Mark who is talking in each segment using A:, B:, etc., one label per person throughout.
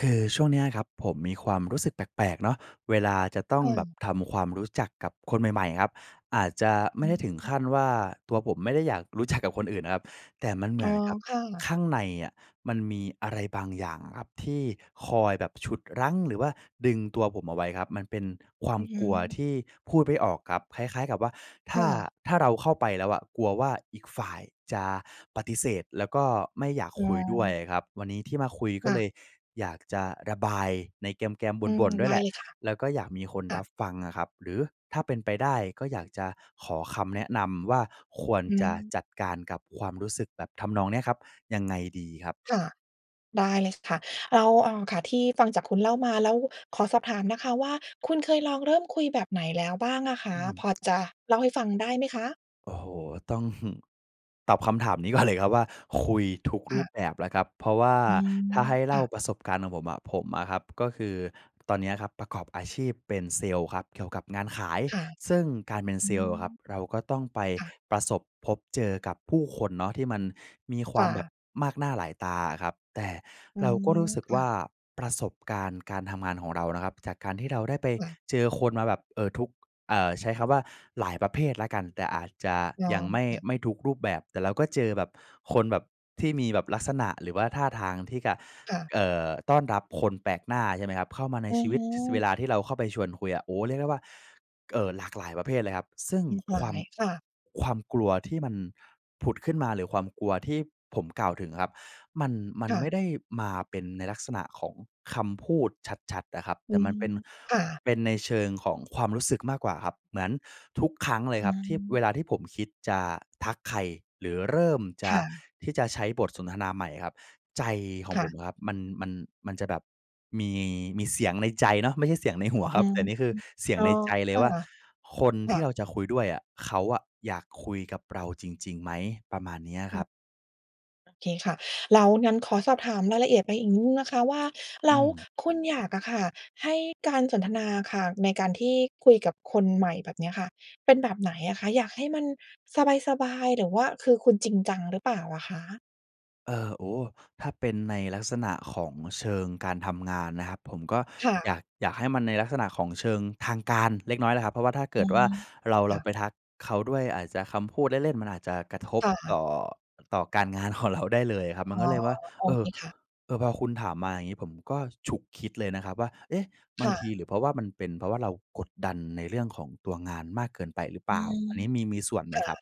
A: คือช่วงเนี้ยครับ ผมมีความรู้สึกแปลก ๆ เนาะ เวลาจะต้อง
B: เ
A: แบบ
B: ออ
A: ทำความรู้จักกับคนใหม่ ๆ ครับ อาจจะไม
B: อ
A: ่
B: ื
A: ได้
B: อ
A: ถึง
B: ฮ
A: ข
B: ี
A: ั้นว่า ตัวผมไม่ได้อยาก รู้จัก กับคนอื่นนะครับ แต่มันเหม
B: อ๋
A: ื
B: อ
A: อนกับ
B: ค่ะ
A: ข้างในอะ มันมีอะไรบางอย่างครับ ที่คอยแบบฉุดรั้ง หรือว่าดึงตัวผมเอาไว้ครับ มันเป็นควา
B: อ
A: ม
B: ือฮ
A: กลัว
B: ึ
A: ที่พูดไม่ออกครับ คล้าย ๆ กับว่า ถ
B: ค
A: ้า
B: ่ะ
A: ถ้าเราเข้าไปแล้วอะ กลัวว่าอีกฝ่ายจะปฏิเสธ แล้วก็ไม่อยาก
B: อ๋
A: คุยด้วย
B: อ
A: อะครับ วันนี้ที่มาคุย ก
B: ค
A: ็
B: ่
A: เล
B: ะ
A: ยอยากจะระบายในแกม ๆ
B: อื
A: บ
B: ม
A: ่น ๆ ด้
B: ได
A: วย
B: ้
A: แหละ
B: เลยค่ะ
A: แล้วก็อยากมีคน
B: ค่
A: รั
B: ะ
A: บฟังอะครับ หรือถ้าเป็นไปได้ ก็อยากจะขอคำแนะนำว่า ควร
B: อื
A: จะ
B: ม
A: จัดการกับความรู้สึกแบบทำนองเนี้ยครับ ยังไงดีครับ?
B: ค่ะ ได้เลยค่ะ แล้ว อ่า ค่ะ ที่ฟังจากคุณเล่ามา แล้วขอสอบถามนะคะว่า คุณเคยลองเริ่มคุยแบบไหนแล้วบ้างอะค
A: อ
B: ะ?
A: ืม
B: พอจะเล่าให้ฟังได้ไหมคะ?
A: โอ้โฮ ต้อง ตอบคำถามนี้ก่อน เลยครับ ว่า คุยทุก
B: ค
A: รู
B: ่ะ
A: ปแบบแล้วครับ เพราะว่า
B: อืม
A: ถ้าให้
B: ค
A: เล่า
B: ่ะ
A: ประสบการณ์ของผมอะ ผมอะครับ ก็คือตอนเนี้ยครับประกอบอาชีพเป็นเซลส์ครับ เกี่ยวกับงานขาย
B: ค่ะ
A: ซึ่งการเป็น
B: อ
A: เ
B: ื
A: ซลส์อะ
B: ม
A: ครับ เราก็ต้องไป
B: ค่ะ
A: ประสบพบเจอกับผู้คนเนาะ ที่มันมีคว
B: ค
A: า
B: ่
A: มแบ
B: ะ
A: บมากหน้าหลายตาอะครับ แต่
B: อ๋อ
A: เราก็รู้สึก
B: ค
A: ว
B: ่
A: ่
B: ะ
A: าประสบการณ์การทำงานของเรานะครับ จากการที่เราได้ไป
B: ค่ะ
A: เจอคนมาแบบ เอ่อ ทุก เอ่อ ใช้คำว่าหลายประเภทแล้วกัน แต่อาจจะ
B: ค
A: ยังไม่
B: ่ะ
A: ไม่ทุกรูปแบบ แต่เราก็เจอแบบคนแบบที่มีแบบลักษณะ หรือว่าท่าทางที่กะ
B: ค่ะ
A: เอ่อ ต้อนรับคนแปลกหน้า ใช่ไหมครับ เข้ามาใน
B: อะ
A: ชีว
B: ฮ
A: ิต ส เว
B: ะ
A: ลาที่เราเข้าไปชวนคุยอะ โอ้ เรียกได้ว่า เอ่อ หลากหลายประเภทเลยครับ ซึ่งความ
B: ค่ะ
A: ความกลัวที่มันผุดขึ้นมา หรือความกลัวที่ผมกล่าวถึงอะครับ มัน มั
B: ค
A: น
B: ่
A: ไม่
B: ะ
A: ได้มาเป็นในลักษณะของคำพูดชัด ๆ อะครับ
B: อื
A: แต่มั
B: ม
A: นเป็น
B: ค่ะ
A: เป็นในเชิงของความรู้สึกมากกว่าครับ เหมือนทุกครั้งเลย
B: อื
A: ครับ ที่
B: ม
A: เวลาที่ผมคิดจะทักใคร หรือเริ่มจ
B: ค
A: ะ
B: ่ะ
A: ที่จะใช้บทสนทนาใหม่อะครับ ใจขอ
B: ค
A: ง
B: ่
A: ผม
B: ะ
A: อะครับมัน มัน มันจะแบบมี มีเสียงในใจเนาะ ไม่ใช่เสียงใน หัว
B: อื
A: ครับ
B: ม
A: แต่นี้คือเสีย
B: อ
A: ง
B: ๋อ
A: ในใจเ
B: ค
A: ลย
B: ่ะ
A: ว่า คน
B: ค
A: ท
B: ่
A: ี
B: ะ
A: ่เราจะคุยด้วยอะ เขาอะอยากคุยกับเราจริง ๆ ไหม ประมาณนี้คร
B: อือ
A: ับ
B: โอเคค่ะ แล้ว งั้นขอสอบถามรายละเอียดไปอีกนิดหนึ่งนะคะว่า แล
A: อื
B: ้ว
A: ม
B: คุณอยากอะค่ะให้การสนทนาค่ะ ในการที่คุยกับคนใหม่แบบเนี้ยค่ะ เป็นแบบไหนอะคะ? อยากให้มันสบาย ๆ หรือว่าคือคุณจริงจังหรือเปล่าอะคะ?
A: เออ โอ้โฮ! ถ้าเป็นในลักษณะของเชิงการทำงานนะครับ ผมก็
B: ค่
A: อย
B: ะ
A: าก อยากให้มันในลักษณะของเชิงทางการเล็กน้อยนะครับ เพราะว่าถ้าเก
B: อ
A: ิ
B: ื
A: ดว
B: ม
A: ่าเรา
B: ค
A: เร
B: ่
A: า
B: ะ
A: ไปทักเขาด้วย อาจจะคำพูดเล่น ๆ มันอาจจะกระทบ
B: ค่
A: ต
B: ะ
A: ่อ ต่อการงานของเราได้เลยครับ ม
B: อ๋
A: ัน
B: อ
A: ก็เลยว่า
B: โอ
A: เอ
B: เค
A: อ
B: ค่ะ
A: เออ พอคุณถามมาอย่างงี้ ผมก็ฉุกคิดเลยนะครับว่า เอ๊ะ! บ
B: ค
A: าง
B: ่
A: ที
B: ะ
A: หรือเพราะว่ามันเป็น เพราะว่าเรากดดันในเรื่องของตัวงานมากเกินไปหรือเป
B: อ
A: ล
B: ื
A: ่า อ
B: ม
A: ันนี้มี มีส่วนไหม
B: ค่
A: ค
B: ะ
A: รับ?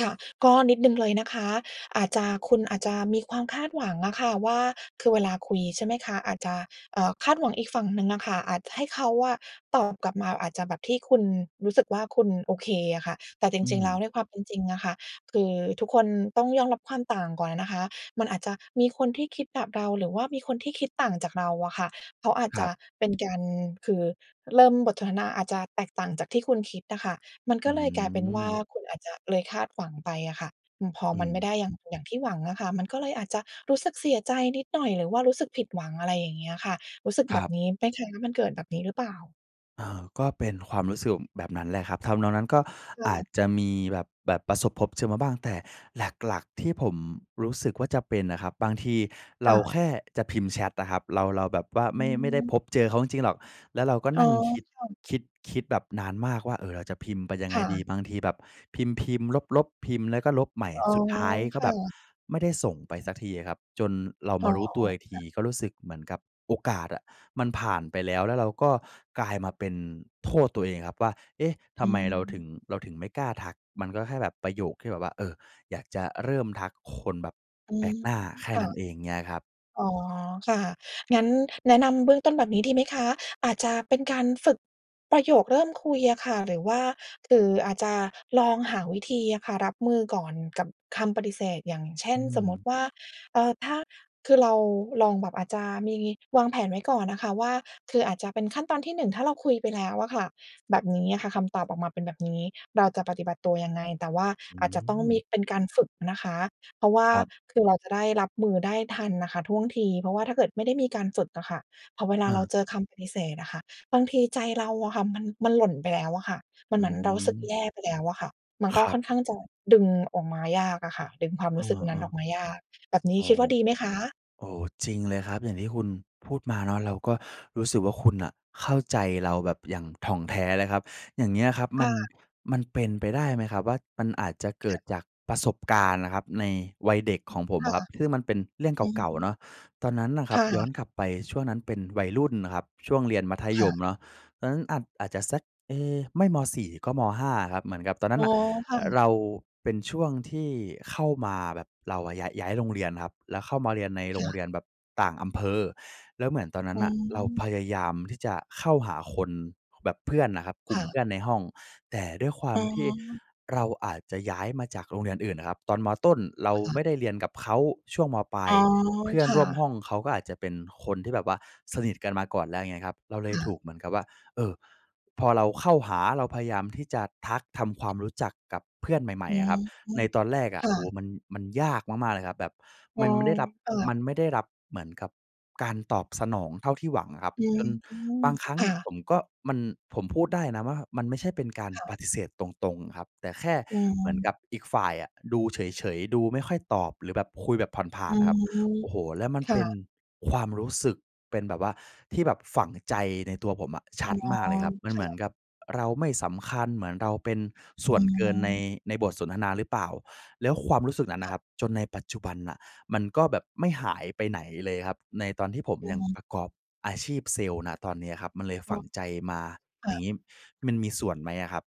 B: ค่ะ ก็นิดหนึ่งเลยนะคะ อาจจะ คุณอาจจะมีความคาดหวังอะค่ะว่า คือเวลาคุย ใช่ไหมคะ อาจจะ เอ่อ คาดหวังอีกฝั่งหนึ่งอะค่ะ อาจให้เขาอะตอบกลับมา อาจจะแบบที่คุณรู้สึกว่าคุณโอเคอะค่ะ แต่จ
A: อื
B: ริง ๆ แล้ว
A: ม
B: ในความเป็นจริงอะค่ะ คือทุกคนต้องยอมรับความต่างก่อนอะนะคะ มันอาจจะมีคนที่คิดแบบเรา หรือว่ามีคนที่คิดต่างจากเราอะค่ะ เขาอาจ
A: ค
B: จ
A: รั
B: ะ
A: บ
B: เป็นการ คือเริ่มบทสนทนาอาจจะแตกต่างจากที่คุณคิดอะค่ะ มัน
A: อ
B: ก
A: ื
B: ็เลยกลายเป็นว่า
A: ม
B: คุณอาจจะ เลยคาดหวังไปอะค่ะ อือ พอ
A: อื
B: มันไม่ไ
A: ม
B: ด้อย่าง อย่างที่หวังอะค่ะ มันก็เลยอาจจะรู้สึกเสียใจนิดหน่อยหรือว่ารู้สึกผิดหวัง อะไรอย่างเงี้ยค่ะ รู้สึก
A: ค
B: แบ
A: รั
B: บ
A: บ
B: นี้ไหมคะ? มันเกิดแบบนี้หรือเปล่า?
A: เอ่อ ก็เป็นความรู้สึก อ แบบนั้นแหละครับ ทำนองนั้น ก็
B: ค
A: อา
B: ่
A: จ
B: ะ
A: จะมีแบบ แบบประสบพบเจอมาบ้าง แต่หลัก ๆ ที่ผมรู้สึกว่าจะเป็นอะครับ บางทีเ
B: ค
A: ร
B: ่
A: า
B: ะ
A: แค่จะพิมพ์แชตอะครับ เรา เราแบบว่าไ
B: อ
A: ม่ ไม่ได้
B: ืม
A: พบเจอเขาจริง ๆ หรอก แล้วเราก็
B: อ๋อ
A: นั่งคิด
B: ค่ะ
A: คิด คิดแบบนานมากว่า เออ เราจะพิมพ์ไปยังไ
B: ค
A: ง
B: ่
A: ดี
B: ะ
A: บางทีแบบพิมพ์ ๆ ลบ ๆ พิมพ์แล้วก็ลบใหม่
B: อ๋อ
A: สุดท้ายก
B: ค
A: ็แ
B: ่
A: บบ
B: ะ
A: ไม่ได้ส่งไปสักทีอะครับ จนเรา
B: อ
A: ม
B: ๋
A: า
B: อ
A: รู้ตัวอีกท
B: ค
A: ี
B: ่ะ
A: ก็รู้สึกเหมือนกับโอกาสอะมันผ่านไปแล้ว แล้วเราก็กลายมาเป็นโทษตัวเองครับว่า เอ๊ะ ท
B: อ
A: ำไมเราถึ
B: ื
A: ง
B: ม
A: เราถึงไม่กล้าทัก มันก็แค่แบบประโยคที่แบบว่า เออ อยากจะเริ่มทักคนแบบ
B: อื
A: แปล
B: ม
A: กหน้า แค่
B: ค่
A: น
B: ะ
A: ั้นเอง อย่างเงี้ยครับ
B: อ๋อ ค่ะ งั้นแนะนำเบื้องต้นแบบนี้ดีไหมคะ อาจจะเป็นการฝึก ประโยคเริ่มคุยอะค่ะ หรือว่า คืออาจจะลองหาวิธีอะค่ะ รับมือก่อนกับคำปฏิเสธ อย่างเช่
A: อื
B: น สมมุ
A: ม
B: ติว่า เอ่อ ถ้า คือเราลองแบบ อาจจะมีวางแผนไว้ก่อนอะค่ะว่า คืออาจจะเป็นขั้นตอนที่ 1 ถ้าเราคุยไปแล้วอะค่ะ แบบนี้อะค่ะ คำตอบออกมาเป็นแบบนี้ เราจะปฏิบัติตัวยังไง แต่ว่า
A: อื
B: อาจจะต้องม
A: ม
B: ี เป็นการฝึกนะคะ เพราะว่
A: ค
B: า
A: รับ
B: คือเราจะได้รับมือได้ทันน่ะค่ะท่วงที เพราะว่าถ้าเกิดไม่ได้มีการฝึกอะค่ะ พอเวล
A: อ
B: าเรา
A: า
B: เจอคำปฏิเสธอะค่ะ บางทีใจเราอะค่ะมัน มันหล่นไปแล้วอะค่ะ มัน
A: อื
B: เหมือนเรารู้สึก
A: ม
B: แย่ไปแล้วอะค่ะ มัน
A: ค
B: ก็
A: รั
B: ค
A: บ
B: ่อนข้างจะดึงออกมายากอะค่ะ ดึงความ
A: เ
B: ร
A: อ
B: ู้สึกนั้นอ
A: อ
B: อ
A: ๆ
B: กมายาก แบบนี้
A: โอ้
B: คิดว่าดีไหมคะ?
A: โอ้ จริงเลยครับ อย่างที่คุณพูดมาเนาะ เราก็รู้สึกว่าคุณน่ะเข้าใจเราแบบอย่างถ่องแท้เลยครับ อย่างเงี้ยครับ
B: ค
A: มั
B: ่
A: น
B: ะ
A: มันเป็นไปได้ไหมครับว่ามันอาจจะเก
B: ค
A: ิ
B: ่
A: ด
B: ะ
A: จากประสบการณ์น่ะครับในวัยเด็กของผม
B: ค่ะ
A: ครับ ซึ่งมันเป็นเรื่อง
B: อื
A: เก่า ๆ เ
B: ม
A: นาะ ตอนนั้นน่ะค
B: ค
A: รับ
B: ่
A: ย้อ
B: ะ
A: นกลับไปช่วงนั้นเป็นวัยรุ่นนะครับ ช่วงเรียนมัธ
B: ค
A: ย
B: ่
A: ม
B: ะ
A: เนาะ ตอนนั้นอาจ อาจจะซัก เอ๊ะ ไม่ ม.4 ก็ ม.5 อะครับ เหมือนกับตอนนั
B: อ
A: ้
B: ๋
A: น
B: อ
A: น่ะ
B: ค่
A: อ
B: ะ
A: เราเป็นช่วงที่เข้ามาแบบเราอะ ยะ ย้ายโรงเรียนครับ แล้วเข้ามาเรียนในโ
B: ค
A: ร
B: ่
A: งเ
B: ะ
A: รียนแบบต่างอำเภอ แล้วเหมือนตอนนั
B: อ
A: ้
B: ื
A: นน่ะเราพ
B: ม
A: ยายามที่จะเข้าหาคน ค แบบเพื่อนน่ะครับ กล
B: ค
A: ุ่ม
B: ่ะ
A: เพื่อนในห้อง แต่ด้วยควา
B: อ๋
A: มที่
B: อ
A: เราอาจจะย้ายมาจากโรงเรียนอื่นน่ะครับ ตอน ม.ต้น เราไม่ได้เรียนกับเขา ช่วง ม.ปลา
B: อ๋
A: ย
B: อ
A: เพื่อน
B: ค่
A: ร่วม
B: ะ
A: ห้องเขาก็อาจจะเป็นคนที่แบบว่าสนิทกันมาก่อนแล้ว อย่างเงี้ยครับ เราเลย
B: ค่ะ
A: ถูกเหมือนกับว่า เออ พอเราเข้าหา เราพยายามที่จะทัก ทำความรู้จักกับเพื่อนใหม
B: อ
A: ่
B: ื
A: ๆ อะครับ ใ
B: ม
A: นตอนแรกอ
B: ค
A: ะ
B: ่
A: โอ้โฮ
B: ะ
A: มัน มันยากมาก ๆ เลยครับ แบบ
B: อ๋
A: ม
B: อ
A: ันไม่ได้รับ
B: ค่ะ
A: มันไม่ได้รับเหมือนกับการตอบสนองเท่าที่หวังครับ
B: อื
A: จน
B: ม
A: บางครั้
B: ค
A: ง
B: ่
A: ผ
B: ะ
A: มก็ มัน ผมพูดได้นะว่า มันไม่ใช่เป็นการ
B: ค่ะ
A: ปฏิเสธตรง ๆ ครับ แต่แค่
B: อื
A: เหมือน
B: ม
A: กับอีกฝ่ายอะ ดูเฉย ๆ ดูไม่ค่อยตอบ หรือแบบคุยแบบผ่
B: อ
A: า
B: ื
A: น ๆ อะครับ
B: ม
A: โอ้โฮ แล้วมัน
B: ค
A: เป
B: ่
A: ็น
B: ะ
A: ความรู้สึก เป็นแบบว่าที่แบบฝังใจในตัวผมอะช
B: อ๋
A: ั
B: อ
A: ดมากเลยครับ มัน
B: ค
A: เ
B: ่
A: หมือน
B: ะ
A: กับเราไม่สำคัญ เหมือนเราเป็นส่
B: อ
A: วนเกินใน
B: ืม
A: ในบทสนทนาหรือเปล่า แล้วความรู้สึกนั้นน
B: ค
A: ่
B: ่
A: ะคร
B: ะ
A: ับจนในปัจจุบันน่ะ มันก็แบบไม่หายไปไหนเลยครับ ในตอนที่ผม
B: อื
A: ยัง
B: ม
A: ประกอบอาชีพเซลล์ ณ ตอนเนี้ยครับ มันเลย
B: อ
A: ฝ
B: ๋อ
A: ังใจมา
B: ค
A: อ
B: ่
A: ย่
B: ะ
A: างงี้มันมีส่วนไหมอะครับ?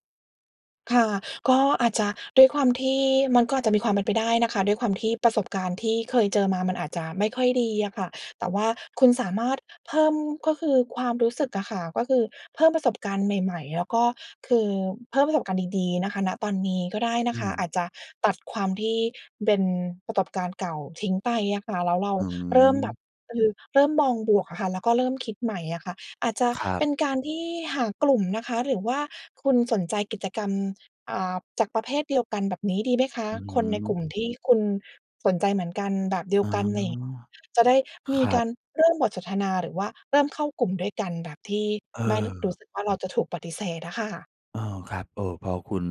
B: ค่ะ ก็อาจจะด้วยความที่ มันก็อาจจะมีความเป็นไปได้นะคะ ด้วยความที่ประสบการณ์ที่เคยเจอมา มันอาจจะไม่ค่อยดีอะค่ะ แต่ว่าคุณสามารถเพิ่ม ก็คือความรู้สึกอะค่ะ ก็คือเพิ่มประสบการณ์ใหม่ ๆ แล้วก็คือเพิ่มประสบการณ์ดี ๆ นะคะ ณ ตอนนี้ก็ได้น
A: อื
B: ะคะ
A: ม
B: อาจจะตัดความที่เป็นประสบการณ์เก่าทิ้งไปอะค่ะ แล้วเรา
A: อื
B: เริ่มแ
A: ม
B: บบ คือเริ่มมองบวกอะค่ะ แล้วก็เริ่มคิดใหม่อะค่ะ อาจจะ
A: ครั
B: เป็
A: บ
B: นการที่หากลุ่มนะคะ หรือว่าคุณสนใจกิจกรรม อ่า จากประเภทเดียวกัน แบบนี้ดีไหมคะ?
A: อือ
B: คนใน
A: ฮึ
B: กลุ่มที่คุณสนใจเหมือนกัน แบบเดีย
A: อ๋
B: ว
A: อ
B: กันใน จะได้ม
A: ค
B: ี
A: รั
B: ก
A: บ
B: ารเริ่มบทสนทนาหรือว่าเริ่มเข้ากลุ่มด้วยกัน แบบที่
A: เ
B: ไม่รู้ ร
A: อ
B: ู
A: อ
B: ้สึกว่าเราจะถูกปฏิเสธอะค่ะ
A: เออ ครับ เออ พอคุณ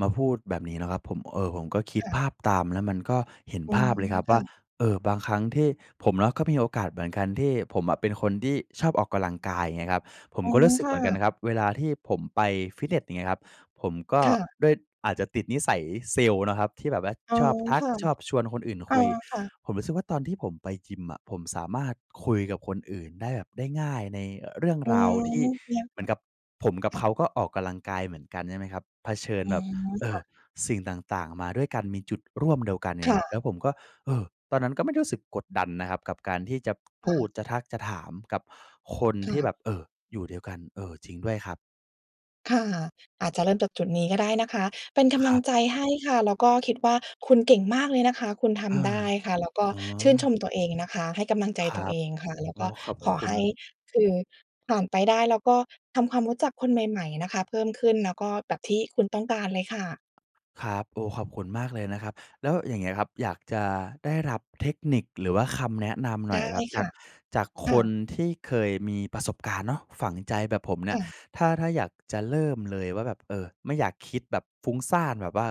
A: มาพูดแบบนี้นะครับผม เออ ผมก็คิ
B: ค
A: ด
B: ่
A: ภ
B: ะ
A: าพตาม แล้วมันก็เห็น
B: อื
A: ภ
B: ม
A: าพเลยครับ
B: ค
A: ว
B: ่
A: ่า
B: ะ
A: เออ บางครั้งที่ผมเนาะก็มีโอกาสเหมือนกันที่ ผมอะเป็นคนที่ชอบออกกำลังกาย เงี้ยครับ ผม
B: อ๋อ
A: ก็รู้สึ
B: ค
A: กเห
B: ่
A: มือนกันน
B: ะ
A: ะครับ เวลาที่ผมไปฟิตเนส อย่างเงี้ยครับ ผมก็
B: ค่ะ
A: ด้วย อาจจะติดนิสัยเซลส์นะครับที่แบบว่า
B: อ๋อ
A: ชอบทั
B: ค
A: ก
B: ่ะ
A: ชอบชวนคนอื่น
B: อ
A: ค
B: า
A: ุย
B: ค่ะ
A: ผมรู้สึกว่า ตอนที่ผมไปยิมอะ ผมสามารถคุยกับคนอื่นได้แบบ ได้ง่าย ในเรื่อง
B: อื
A: ราวที่
B: ม เทียบ
A: เหม
B: ก
A: ือ
B: ั
A: นกับ ผม
B: บ
A: กับ
B: ค่
A: เข
B: ะ
A: าก็ออกกำลังกายเหมือนกัน ใช่ไหมครับ เผชิ
B: อ
A: ญ
B: ื
A: แบบ
B: ม
A: เอ
B: ค่
A: อ
B: ะ
A: สิ่งต่าง ๆ มาด้วยกัน มีจุดร่วมเดียวกัน เ
B: ค
A: งี้
B: ่
A: ยครับ แล
B: ะ
A: ้วผมก็ เออ ตอนนั้นก็ไม่ได้รู้สึกกดดันนะครับกับการที่จะ
B: ค
A: พ
B: ่
A: ูด
B: ะ
A: จะทัก จะถามกับคน
B: ค่
A: ที่
B: ะ
A: แบบ เออ อยู่เดียวกัน เออ จริงด้วยครับ
B: ค่ะ อาจจะเริ่มจากจุดนี้ก็ได้นะคะ เป็นก
A: ค
B: ำล
A: ร
B: ัง
A: ับ
B: ใจให้ค่ะ แล้วก็คิดว่า คุณเก่งมากเลยนะคะ คุณท
A: เออ
B: ำได้ค่ะ แล้วก็
A: อ๋
B: ชื่นช
A: อ
B: มตัวเองนะคะ ให้กำลังใจ
A: คร
B: ตัว
A: ั
B: เ
A: บ
B: องค่ะ แล้ว
A: โอ้
B: ก็
A: ขอบ
B: ขอ
A: คุ
B: ให้
A: ณ
B: คือ ผ่านไปได้ แล้วก็ทำความรู้จักคนใหม่ ๆ นะคะเพิ่มขึ้น แล้วก็ แบบที่คุณต้องการเลยค่ะ
A: ครับ โอ้ ขอบคุณมากเลยนะครับ แล้วอย่างเงี้ยครับ อยากจะได้รับเทคนิคหรือว่าคำแนะนำหน
B: ได
A: ่อ
B: ้
A: ยครับ จ
B: ค
A: า
B: ่
A: ก
B: ะ
A: จาก
B: ค
A: ค
B: ่
A: น
B: ะ
A: ที่เคยมีประสบการณ์เนาะ ฝังใจแบบผมเนี
B: ค
A: ่ย
B: ่ะ
A: ถ้า ถ้าอยากจะเริ่มเลยว่าแบบ เออ ไม่อยากคิดแบบฟุ้งซ่านแบบว่า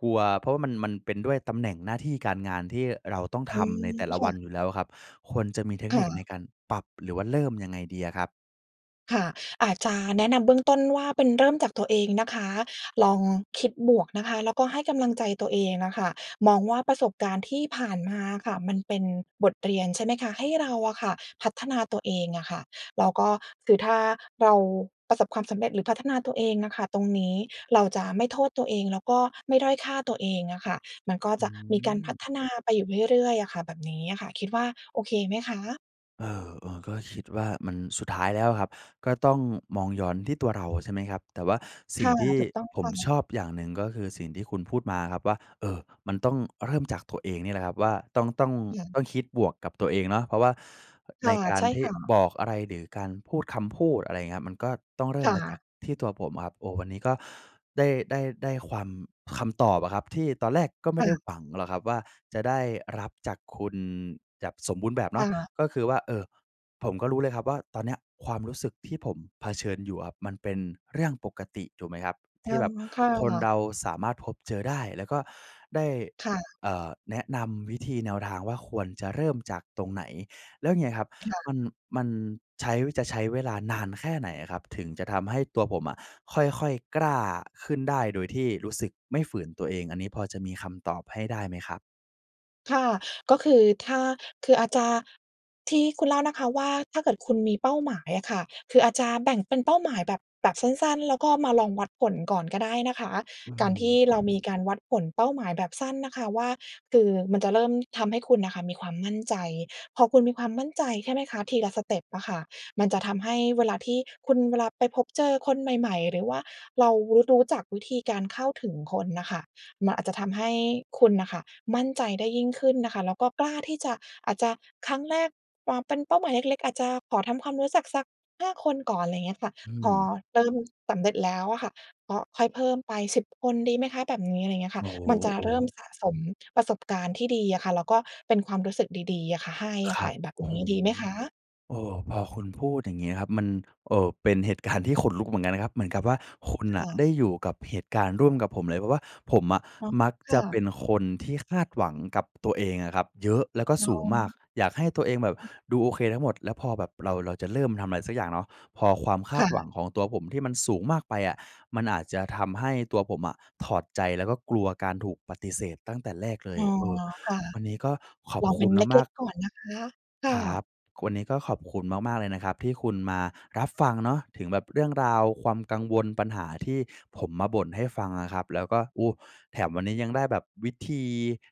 A: กลัว เพราะว่ามัน มันเป็นด้วยตำแหน่งหน้าที่การงาน ที่เราต้อง
B: อ
A: ท
B: ื
A: ำ
B: ม
A: ในแต่ละ
B: ค
A: ว
B: ่
A: ัน
B: ะ
A: อยู่แล้วอะครับ ควรจะมีเทค
B: ค
A: น
B: ่
A: ิคใน
B: ะ
A: การปรับ หรือว่าเริ่มยังไงดีอะครับ?
B: ค่ะ อาจจะแนะนำเบื้องต้นว่า เป็น เริ่มจากตัวเองนะคะ ลองคิดบวกนะคะ แล้วก็ให้กำลังใจตัวเองน่ะค่ะ มองว่าประสบการณ์ที่ผ่านมาค่ะ มันเป็นบทเรียน ใช่ไหมคะ ให้เราอะค่ะพัฒนาตัวเองอะค่ะ แล้วก็ คือถ้าเราประสบความสำเร็จ หรือพัฒนาตัวเองอะค่ะ ตรงนี้เราจะไม่โทษตัวเอง แล้วก็ไม่ด้อยค่าตัวเองอะค่ะ มันก็
A: อ
B: จะมีการพั
A: ืม
B: ฒนาไปอยู่เรื่อย ๆ อะค่ะ แบบนี้อะค่ะ คิดว่าโอเคไหมคะ?
A: เออ ๆ ก็คิดว่ามัน สุดท้ายแล้วครับ ก็ต้องมองย้อนที่ตัวเรา ใช่ไหมครับ แต่ว่าส
B: ค
A: ิ่ง
B: ่ะ
A: ที่
B: ถูกต้อง
A: ผ
B: ค
A: ม
B: ่
A: ช
B: ะ
A: อบอย่างหนึ่ง ก็คือสิ่งที่คุณพูดมาอะครับว่า เออ มันต้องเริ่มจากตัวเองนี่แหละครับว่า ต้อง ต้อง
B: อย่าง
A: ต้องคิดบวกกับตัวเองเนาะ เพราะว่า
B: ค
A: ใน
B: ่ะ
A: กา
B: ใ
A: ร
B: ช่
A: ที่
B: ค่ะ
A: บอกอะไรหรือการพูดคำพูด อะไรอย่างเงี้ย มันก็ต้องเริ่
B: ค
A: ม
B: ่
A: มาจา
B: ะ
A: กที่ตัวผมอะครับ โอ้! วันนี้ก็ได้ ได้ ได้ความ คำตอบอะครับ ที่ตอนแรกก็ไม
B: ค
A: ่
B: ่
A: ได้
B: ะ
A: หวังหรอกครับว่า จะได้รับจากคุณแจบสมบูรณ์แบบเ
B: ค
A: นา
B: ่
A: ะ
B: ะ
A: ก็คือว่า เออ ผมก็รู้เลยครับว่า ตอนเนี้ยความรู้สึกที่ผมเผชิญอยู่อะครับ มันเป็นเรื่องปกติถูกไหมครับ?
B: อ
A: ท
B: ื
A: ี่แบ
B: ม
A: บ
B: ค่
A: คนเ
B: ะ
A: ราสามารถพบเจอได้ แล้วก็ได้
B: ค่ะ
A: เอ่อ แนะนำวิธี แนวทางว่า ควรจะเริ่มจากตรงไหน? แล้วอย่างเงี้ยครับ
B: ค่ะ
A: มัน มันใช้ จะใช้เวลานานแค่ไหนอะครับ? ถึงจะทำให้ตัวผมอะ ค่อย ๆ กล้าขึ้นได้ โดยที่รู้สึกไม่ฝืนตัวเอง อันนี้พอจะมีคำตอบให้ได้ไหมครับ?
B: ค่ะ ก็คือถ้า คืออาจจะ ที่คุณเล่านะคะว่า ถ้าเกิดคุณมีเป้าหมายอะค่ะ คืออาจจะแบ่งเป็นเป้าหมายแบบ แบบสั้น ๆ แล้วก็มาลองวัดผลก่อนก็ได้นะคะ
A: อื
B: การที่
A: ม
B: เรามีการวัดผลเป้าหมายแบบสั้นนะคะว่า คือมันจะเริ่มทำให้คุณอะค่ะมีความมั่นใจ พอคุณมีความมั่นใจ ใช่ไหมคะ ทีละสเต็ปอะค่ะ มันจะทำให้เวลาที่คุณ เวลาไปพบเจอคนใหม่ ๆ หรือว่าเรารู้ รู้จักวิธีการเข้าถึงคนน่ะค่ะ มันอาจจะทำให้คุณน่ะค่ะ มั่นใจได้ยิ่งขึ้นนะคะ แล้วก็กล้าที่จะ อาจจะครั้งแรกปอเป็นเป้าหมายเล็ก ๆ อาจจะขอทำความรู้จักสัก 5 คนก่อน อะไรอย่างเงี้ยค่ะ
A: อื
B: พอ
A: ม
B: เริ่มสำเร็จแล้วอะค่ะ ก็ค่อยเพิ่มไป 10 คน ดีไหมคะ? แบบนี้ อะไรอย่างเงี้ยค
A: โ
B: ่
A: อ
B: ะ
A: ้โฮ
B: มันจะ
A: โอ
B: เริ่ม
A: ้!
B: สะสมประสบการณ์ที่ดีอะค่ะ แล้วก็เป็นความรู้สึกดี ๆ อะค่ะ ให้อ
A: ค
B: ะ
A: ร
B: ค
A: ั
B: ่ะ
A: บ
B: แบบ
A: โอ้
B: น
A: โฮ
B: ี้ดีไหมคะ?
A: โอ้โฮ พอคุณพูดอย่างเงี้ยครับ มัน เอ่อ เป็นเหตุการณ์ที่ขนลุกเหมือนกันนะครับ เหมือนกับว่าคุณ
B: ค
A: น่ะ
B: ่ะ
A: ได้อยู่กับเหตุการณ์ร่วมกับผมเลย เพราะว่าผมอะ
B: อ๋อ
A: มัก
B: ค
A: จ
B: ่
A: ะเป
B: ะ
A: ็นคนที่คาดหวังกับตัวเองอะครับเยอะ แล้วก็
B: อ๋
A: ส
B: อ
A: ูงมาก อยากให้ตัวเองแบบ
B: ค่ะ
A: ดูโอเคทั้งหมด แล้วพอแบบเรา เราจะเริ่มทำอะไรสักอย่างเนาะ พอความค
B: ค
A: า
B: ่
A: ดหวั
B: ะ
A: งของตัวผมที่มันสูงมากไปอะ มันอาจจะทำให้ตัวผมอะถอดใจแล้วก็กลัวการถูกปฏิเสธตั้งแต่แรกเล
B: อ
A: ย
B: ๋อ
A: เออ
B: ค่ะ
A: วันนี้ก็ขอ
B: ล
A: บ
B: อง
A: ค
B: เป็
A: ุ
B: น
A: ณ
B: เล
A: ม
B: ็
A: า
B: ก
A: ก ๆ
B: ๆ ก่อนนะคะ ค่
A: ครับ
B: ะ
A: วันนี้ก็ขอบคุณมาก ๆ เลยนะครับที่คุณมารับฟังเนาะ ถึงแบบเรื่องราวความกังวล ปัญหาที่ผมมาบ่นให้ฟังอะครับ แล้วก็ โอ้! แถมวันนี้ยังได้แบบวิธี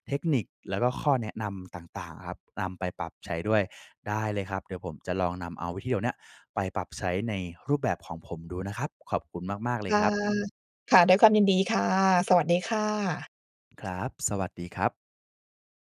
A: เทคนิค แล้วก็ข้อแนะนำต่าง ๆ อะครับ นำไปปรับใช้ด้วย ได้เลยครับ เดี๋ยวผมจะลองนำเอาวิธีเหล่าเนี้ย ไปปรับใช้ในรูปแบบของผมดูนะครับ ขอบคุณมาก ๆ เล
B: ค
A: ย
B: ่ะ
A: ครับ
B: ค่ะ ด้วยความยินดีค่ะ สวัสดีค่ะ
A: ครับ สวัสดีครับ